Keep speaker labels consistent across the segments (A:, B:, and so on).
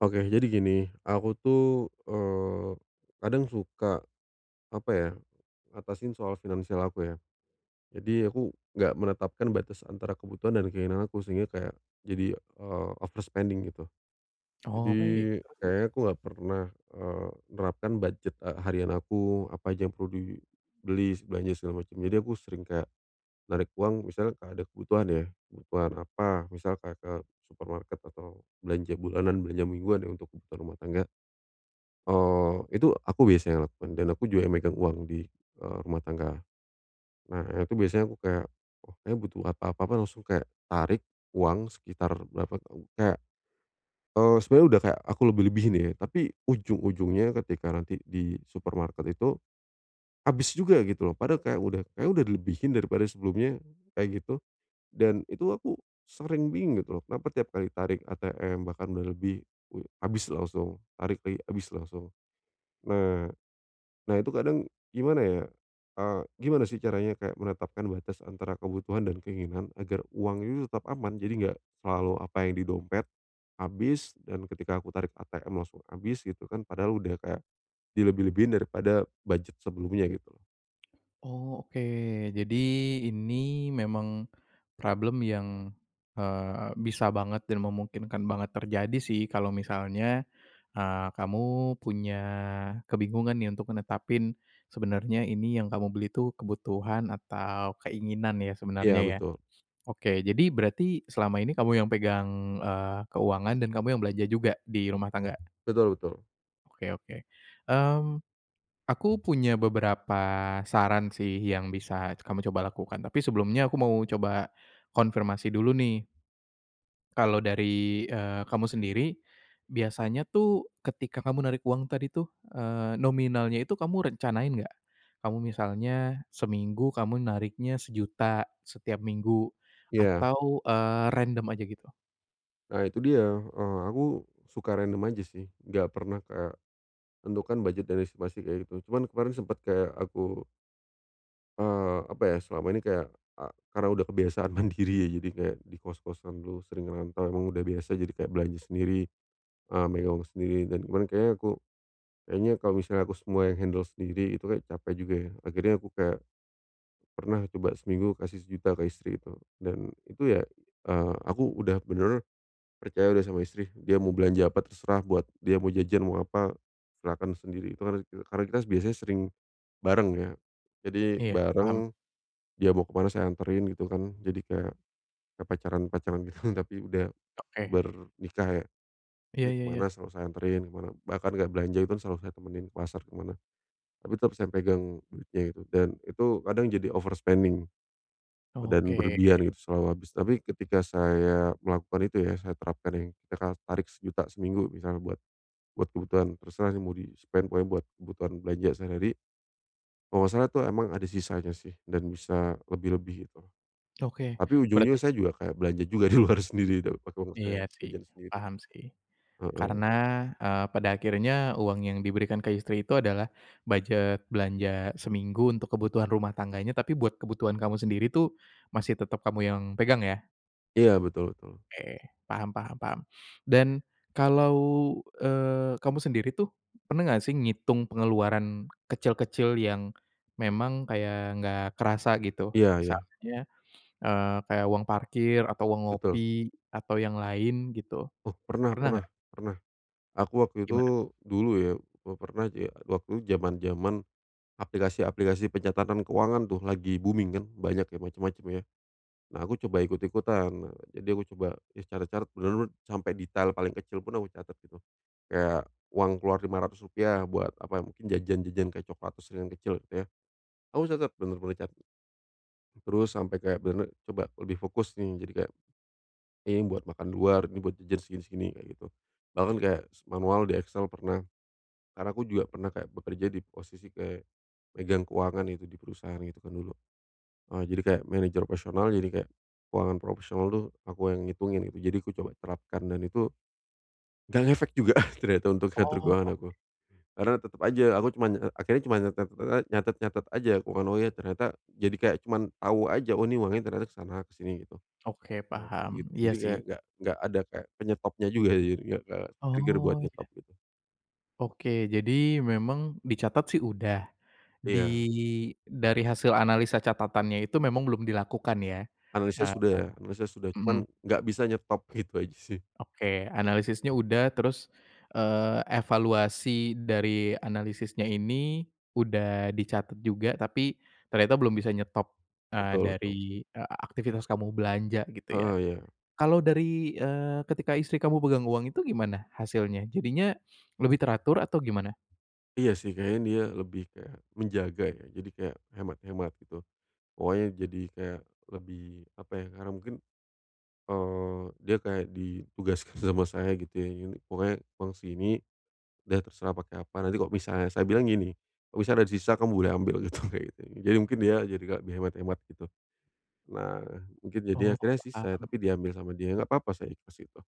A: Oke jadi gini, aku tuh, eee, kadang suka, apa ya, ngatasin soal finansial aku ya. Jadi aku enggak menetapkan batas antara kebutuhan dan keinginan aku sehingga kayak jadi, eee, over spending gitu.
B: Oh
A: Jadi
B: baik, terus
A: kayaknya
B: terus?
A: aku enggak pernah, eee, nerapkan budget e harian aku, apa aja yang perlu dibeli, se belanja segala macam. Jadi aku sering kayak narik uang misalnya ka ada kebutuhan ya, kebutuhan apa misalkan ke supermarket atau belanja bulanan, belanja mingguan ya untuk kebutuhan ke rumah tangga. Eee, itu aku biasanya lakukan dan aku juga yang megang uang di, eee, rumah tangga. Nah ya itu biasanya aku kayak, oh kayaknya butuh apa apa apa, langsung kayak tarik uang sekitar berapa tahu kayak eee, sebenernya udah kayak aku lebih-lebihin ya, tapi ujung-ujungnya ketika nanti di supermarket itu, habis juga gitu loh. Padahal kayak udah kayak udah dilebihin daripada sebelumnya, kayak gitu. Dan itu aku sering bingung gitu loh kenapa tiap kali tarik ATM, bahkan dah lebih u habis langsung tarik lagi, habis langsung. Nah, nah itu kadang gimana ya? A gimana sih caranya kayak menetapkan batas antara kebutuhan dan keinginan agar uangnya tetap aman, jadi enggak selalu apa yang di dompet habis, dan ketika aku tarik ATM langsung habis gitu kan, padahal udah kayak dilebih-lebihin daripada budget sebelumnya gitu loh.
B: Oh, oke. Jadi, ini memang problem yang, eee, bisa banget dan memungkinkan banget terjadi sih. Kalau misalnya, eee, kamu punya kebingungan nih untuk netapin sebenernya ini yang kamu beli itu kebutuhan atau keinginan, ya, sebenarnya,
A: Iya,
B: ya?
A: betul.
B: Oke, jadi, berarti selama ini kamu yang pegang, eee, keuangan, dan kamu yang belanja juga di rumah tangga?
A: Betul betul.
B: Oke oke. Mmm, aku punya beberapa saran sih yang bisa kamu coba lakukan. Tapi sebelumnya aku mau coba konfirmasi dulu nih. Kalau dari, eee, kamu sendiri, biasanya tuh ketika kamu narik uang tadi tuh, eee, nominalnya itu kamu rencanain enggak? Kamu misalnya seminggu kamu nariknya Rp1.000.000, setiap minggu,
A: Iya.
B: atau, eee, random aja, gitu?
A: Nah itu dia, eee, aku suka random aja sih, enggak pernah kayak tentukan budget dan estimasi, kayak gitu. Cuman kemarin sempet kayak aku Eee, apa ya, selama ini kayak a karena udah kebiasaan mandiri ya, jadi kayak di kos-kosan dulu sering ngerantau emang udah biasa jadi kayak belanja sendiri, eee, megang sendiri dan kemarin kayaknya aku, kayaknya kalau misalnya aku semua yang handle sendiri itu kayak capek juga ya. Akhirnya aku kayak pernah coba seminggu kasih Rp1.000.000 ke istri itu dan itu ya, eee, aku udah bener percaya udah sama istri. Dia mau belanja apa terserah, buat dia mau jajan mau apa silahkan sendiri itu kan re karena kita biasanya sering bareng ya. Jadi
B: Iya, paham.
A: bareng, dia mau kemana saya anterin gitu kan, jadi kayak pacaran-pacaran gitu, tapi udah
B: Oke.
A: ber nikah ya.
B: Iya
A: Dia
B: iya iya.
A: kemana selalu saya anterin kemana, bahkan kayak belanja itu kan selalu saya temenin ke pasar, ke mana, tapi tetep saya yang pegang duitnya itu dan itu kadang jadi overspending, eee, dan
B: Oke.
A: berlebihan gitu selalu habis, tapi ketika saya melakukan itu ya, saya terapkan yang kita harus tarik Rp1.000.000 seminggu misal buat buat kebutuhan terserah sih mau di spend pokoknya buat kebutuhan belanja sehari-hari. Kalau nggak salah itu emang ada sisanya sih dan bisa lebih-lebih itu,
B: Oke,
A: tapi ujung-ujungnya
B: berarti
A: saya juga kayak belanja juga di luar sendiri itu, pakai uang
B: Iya
A: saya,
B: sih,
A: jajan sendiri.
B: paham sih.
A: Heeh.
B: Karena, eee, pada akhirnya uang yang diberikan ke istri itu adalah budget belanja seminggu untuk kebutuhan rumah tangganya, tapi buat kebutuhan kamu sendiri itu masih tetep kamu yang pegang ya?
A: Iya, betul betul.
B: Oke, paham paham paham. Dan, kalau, eee, kamu sendiri tuh, pernah enggak sih ngitung pengeluaran kecil-kecil yang memang kayak enggak kerasa, gitu?
A: Iya iya.
B: Misalnya, eee, kayak uang parkir atau uang
A: Betul.
B: ngopi, atau yang lain gitu?
A: Oh, pernah
B: Pernah
A: pernah
B: enggak?
A: pernah. Aku waktu
B: Gimana?
A: itu, dulu ya, pe pernah ja waktu jaman-jaman, aplikasi-aplikasi pencatatan keuangan tuh, lagi booming kan, banyak ya, macam-macam ya. Nah, aku coba ikut-ikutan, nah, jadi aku coba ya catat-catat benar-benar sampai detail paling kecil pun, aku catat gitu, kayak uang keluar Rp.500 buat apa, mungkin jajan-jajan kayak cokelat [unintelligible] yang kecil gitu ya. Aku catat, benar-benar catat. Terus sampai kayak benar-benar coba lebih fokus nih. Jadi kayak, "Ini buat makan luar, ini buat jajan segini-segini," kayak gitu. Bahkan kayak, se manual di Excel pernah. Karena aku juga pernah kayak bekerja di posisi kayak, megang keuangan gitu, di perusahaan gitu kan, dulu. Nah, jadi kayak manager profesional, jadi kayak keuangan profesional tuh, aku a yang ngitungin, gitu. Jadi, aku coba terapkan dan itu, nggak ngefek juga ternyata untuk ngatur
B: Oh,
A: keuangan
B: oke.
A: aku. Karena, tetap aja aku cuma nye ek akhirnya cuma nyatat te ek nyatat-nyatat aja aku kan, oh, ya, ternyata jadi kayak cuman, tahu aja "Oh, ini uangnya ternyata kesana-kesini," gitu.
B: Oke,
A: Nah, kayak
B: paham,
A: gitu,
B: iya
A: jadi kayak
B: sih.
A: nggak nggak ada kayak penyetopnya juga [unintelligible] nggak-nggak ke-trigger buat
B: Oh, iya.
A: nyetop, gitu.
B: Oke, jadi, memang dicatat sih udah. Di
A: Iya.
B: dari hasil analisa catatannya itu memang belum dilakukan ya?
A: Analisis
B: Heeh.
A: sudah analisis sudah, cuma
B: Mhm.
A: nggak bisa nyetop, gitu aja sih.
B: Oke, analisisnya udah terus, eee, evaluasi dari analisisnya ini udah dicatat juga. Tapi, ternyata belum bisa nyetop, eee,
A: Betul
B: dari,
A: betul.
B: e aktivitas kamu belanja, gitu ya?
A: Heeh, iya.
B: Kalau dari, eee, ketika istri kamu pegang uang itu gimana, hasilnya? Jadinya, lebih teratur, atau gimana?
A: Iya sih, kayaknya dia lebih kayak menjaga ya, jadi kayak hemat-hemat, gitu. Pokoknya jadi kayak lebih apa ya, karena mungkin, eee, dia kayak ditugaskan sama saya, gitu ya, yunik "Pokoknya uang sini, udah terserah pakai apa, nanti kalau misalnya" saya bilang gini, "Kalau misal ada di sisa kamu boleh ambil," gitu, kayak gitu kan. Jadi mungkin dia jadi nggak lebih hemat-hemat gitu. Nah, mungkin jadinya
B: Oh,
A: akhirnya sisa, ya
B: paham.
A: tapi diambil sama dia, enggak apa-apa saya ikhlas itu.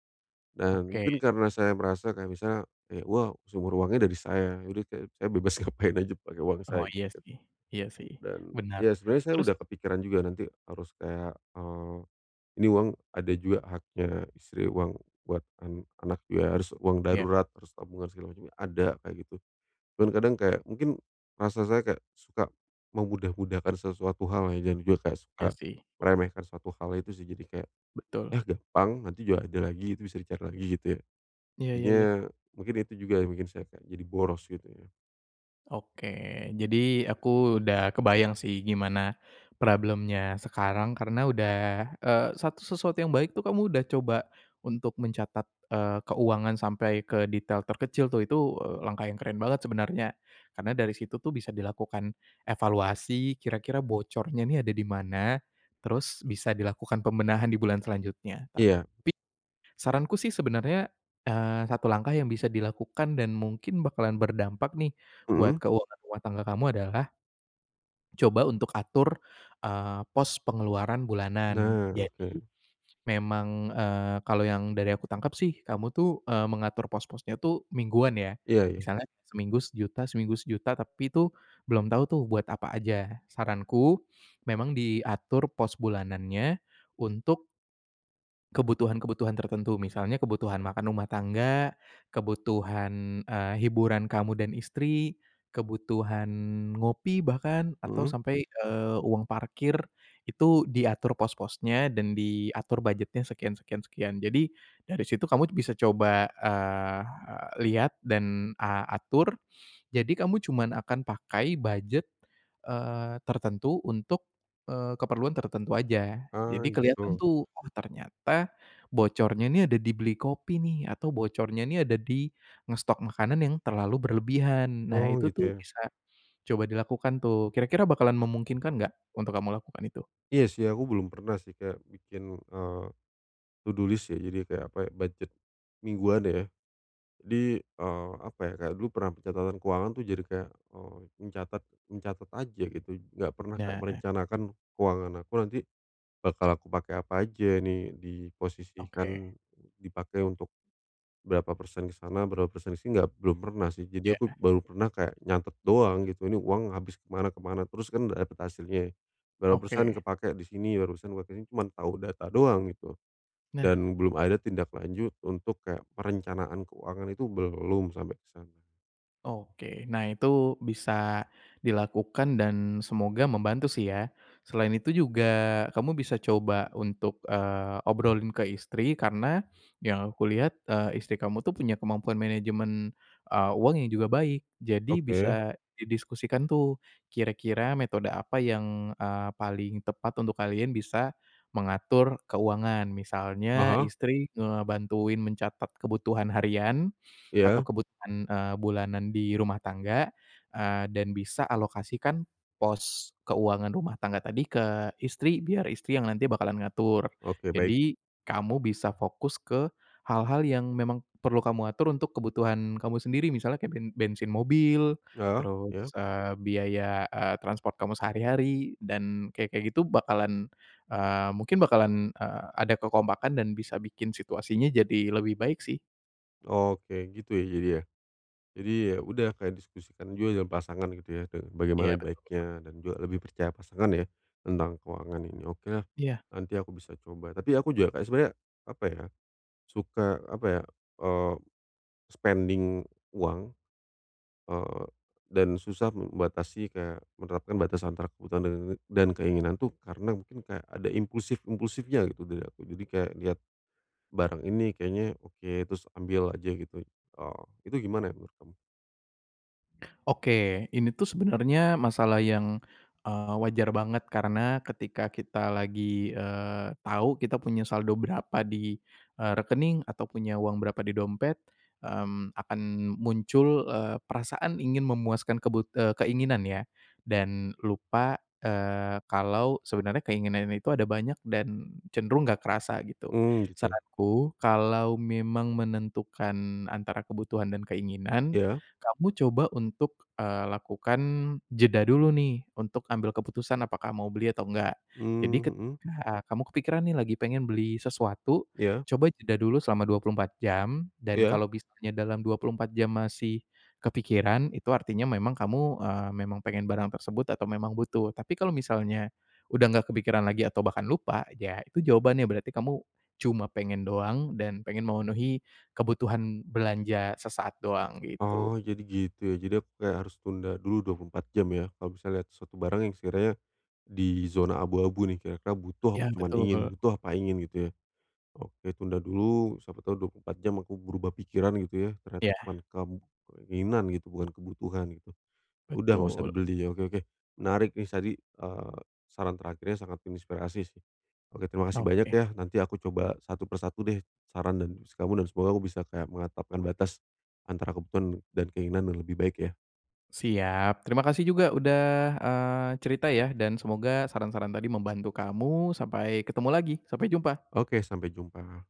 A: Dan
B: Oke.
A: mungkin karena saya merasa kayak misalnya, kayak wow, sumur uangnya dari saya, ya udah saya saya bebas ngapain aja pakai uang
B: Oh,
A: saya
B: iya
A: gitu.
B: sih iya sih,
A: Dan,
B: bener.
A: ya sebenernya saya
B: Terus?
A: udah kepikiran juga nanti harus kayak, eee, ini uang ada juga haknya istri, uang buat an anak ya, harus uang
B: Iya.
A: darurat, terus tabungan segala macem ya, ada kayak gitu. Dan kadang kayak mungkin rasa saya kayak suka memudah-mudahkan sesuatu hal ya dan juga kayak suka
B: Iya sih.
A: meremehkan sesuatu hal itu sih, jadi kayak,
B: Betul.
A: "Yah gampang, nanti juga ada lagi, itu bisa dicari lagi," gitu ya.
B: Iya iya iya.
A: Akhirnya mungkin itu juga yang bikin saya kayak jadi boros gitu ya.
B: Oke. Jadi, aku udah kebayang sih gimana problem-nya sekarang karena udah, eee, satu sesuatu yang baik tuh kamu udah coba untuk mencatat, eee, keuangan sampai ke detail terkecil tuh, itu, eee, langkah yang keren banget sebenarnya. Karena dari situ tuh bisa dilakukan evaluasi kira-kira bocornya ini ada di mana, terus bisa dilakukan pembenahan di bulan selanjutnya,
A: Iya.
B: tapi saranku sih sebenarnya, eee, satu langkah yang bisa dilakukan dan mungkin bakalan berdampak nih buat
A: Mhm.
B: keuangan rumah tangga kamu adalah coba untuk atur, eee, pos pengeluaran bulanan.
A: Nah,
B: Jadi,
A: oke.
B: memang, eee, kalau yang dari aku tangkep sih kamu tuh, eee, mengatur pos-posnya tuh mingguan, ya?
A: Iya iya.
B: Misalnya seminggu 1.000.000 seminggu 1.000.000, tapi itu belum tahu tuh buat apa aja. Saranku, memang diatur pos bulanannya untuk kebutuhan-kebutuhan tertentu. Misalnya, kebutuhan makan rumah tangga, kebutuhan, eee, hiburan kamu dan istri, kebutuhan ngopi bahkan, atau,
A: Mhm.
B: sampai, eee, uang parkir itu diatur pos-posnya, dan diatur budgetnya sekian sekian sekian. Jadi, dari situ kamu bisa coba, eee eee, lihat, dan, a atur. Jadi kamu cuman akan pakai budget, eee, tertentu, untuk, eee, keperluan tertentu aja.
A: Ah,
B: Jadi kelihatan
A: gitu?
B: tuh, "Oh, ternyata bocornya nih ada di beli kopi nih." Atau, bocornya ini ada di ngestok makanan yang terlalu berlebihan. Nah,
A: Oh,
B: itu
A: gitu,
B: tuh
A: ya?
B: bisa coba dilakukan tuh. Kira-kira bakalan memungkinkan nggak untuk kamu lakukan itu?
A: Iya sih, aku belum pernah sih kayak bikin, eee, to do list ya, jadi kayak, apa, budget mingguan ya. Jadi, eee, apa ya, kayak dulu pernah pencatatan keuangan itu jadi kayak, eee, mencatat mencatat aja, gitu. Enggak pernah, Kak,
B: Nah.
A: merencanakan keuangan aku nanti bakal aku pakai apa aja, ini
B: Oke.
A: diposisikan, dipakai untuk berapa persen di sana, berapa persen di sini, enggak belum pernah sih. Jadi aku
B: Iya.
A: baru pernah kayak nyatet doang, gitu, ini uang habis ke mana ke mana, terus kan udah dapat hasilnya. Berapa persen
B: Oke.
A: kepakai di sini, berapa persen cuman tahu data doang gitu.
B: Nah.
A: Dan belum ada tindak lanjut untuk kayak perencanaan keuangan, itu belum sampai ke sana.
B: Oke. Nah, itu bisa dilakukan dan semoga membantu sih ya. Selain itu juga, kamu bisa coba untuk, eee, obrolin ke istri. Karena, yang aku lihat, eee, istri kamu tuh punya kemampuan manajemen, eee, uang yang juga baik. Jadi
A: Oke.
B: bisa didiskusikan tuh, kira-kira metode apa yang, eee, paling tepat untuk kalian bisa mengatur keuangan. Misalnya
A: Heeh.
B: istri ngebantuin mencatat kebutuhan harian, atau
A: Iya.
B: kebutuhan, eee, bulanan di rumah tangga, eee, dan bisa alokasikan pos keuangan rumah tangga tadi ke istri, biar istri yang nanti bakalan ngatur.
A: Oke, baik.
B: Jadi, kamu bisa fokus ke hal-hal yang memang perlu kamu atur untuk kebutuhan kamu sendiri, misalnya kek ben bensin mobil,
A: Heeh,
B: terus,
A: iya.
B: eee, biaya, eee, transpor kamu sehari-hari, dan kayak-kayak gitu bakalan, eee mungkin bakalan, eee, ada kekompakan dan bisa bikin situasinya jadi lebih baik sih.
A: Oke, gitu ya, jadi ya. Jadi ya udah, kayak diskusikan juga dengan pasangan gitu ya,
B: Iya,
A: bagaimana
B: betul.
A: baiknya dan juga lebih percaya pasangan ya, tentang keuangan ini, oke.
B: Iya.
A: Nanti aku bisa coba. Tapi aku juga sebenarnya, apa ya, suka, apa ya, eee, spending uang, eee, dan susah membatasi kayak menerapkan batasan antara kebutuhan dan keinginan itu karena mungkin kayak ada impulsif-impulsifnya, gitu dari aku. Jadi kayak lihat barang ini kayaknya oke, terus ambil aja, gitu. Eee, itu gimana ya menurut kamu?
B: Oke, ini tuh sebenernya masalah yang, eee, wajar banget. Karena ketika kita lagi, eee, tahu kita punya saldo berapa di, eee, rekening, atau punya uang berapa di dompet, mmm, akan muncul, eee, perasaan ingin memuaskan kebut eee, keinginan ya dan lupa, eee, kalau sebenernya keinginan itu ada banyak dan cenderung enggak kerasa, gitu.
A: Hmm, gitu.
B: Saranku, kalau memang menentukan antara kebutuhan dan keinginan,
A: Ya.
B: kamu coba untuk, eee, lakukan jeda dulu nih, untuk ambil keputusan apakah mau beli atau enggak. Jadi
A: Mmm, mhm.
B: ketika kamu kepikiran nih, lagi pengen beli sesuatu,
A: Ya.
B: coba jeda dulu selama 24 jam. Dan
A: Ya.
B: kalau misalnya dalam 24 jam masih kepikiran, itu artinya memang kamu, eee, memang pengen barang tersebut atau memang butuh. Tapi kalau misalnya udah enggak kepikiran lagi atau bahkan lupa, ya itu jawabannya, berarti kamu cuma pengen doang dan pengen memenuhi kebutuhan belanja sesaat doang, gitu.
A: Oh, jadi gitu, ya. Jadi aku kayak harus tunda dulu 24 jam, ya. Kalau bisa lihat suatu barang yang sekiranya di zona abu-abu nih, kira-kira butuh
B: Ya,
A: apa cuma ingin,
B: betul.
A: butuh apa ingin, gitu ya. Oke, tunda dulu, siapa tahu 24 jam aku berubah pikiran, gitu ya, ternyata
B: Iya.
A: cuma kam keinginan gitu, bukan kebutuhan, gitu. Udah, nggak usah
B: Betul.
A: dibeli, ya. Oke oke. Menarik tadi, eee, saran terakhirnya sangat menginspirasi, sih. Oke, terima kasih banyak,
B: Oke.
A: ya. Nanti aku coba satu per satu deh saran kamu dan semoga aku bisa kayak menetapkan batas antara kebutuhan dan keinginan yang lebih baik, ya.
B: Siap. Terima kasih juga udah, eee, cerita ya dan semoga saran-saran tadi membantu kamu. Sampai ketemu lagi. Sampai jumpa.
A: Oke. Sampai jumpa.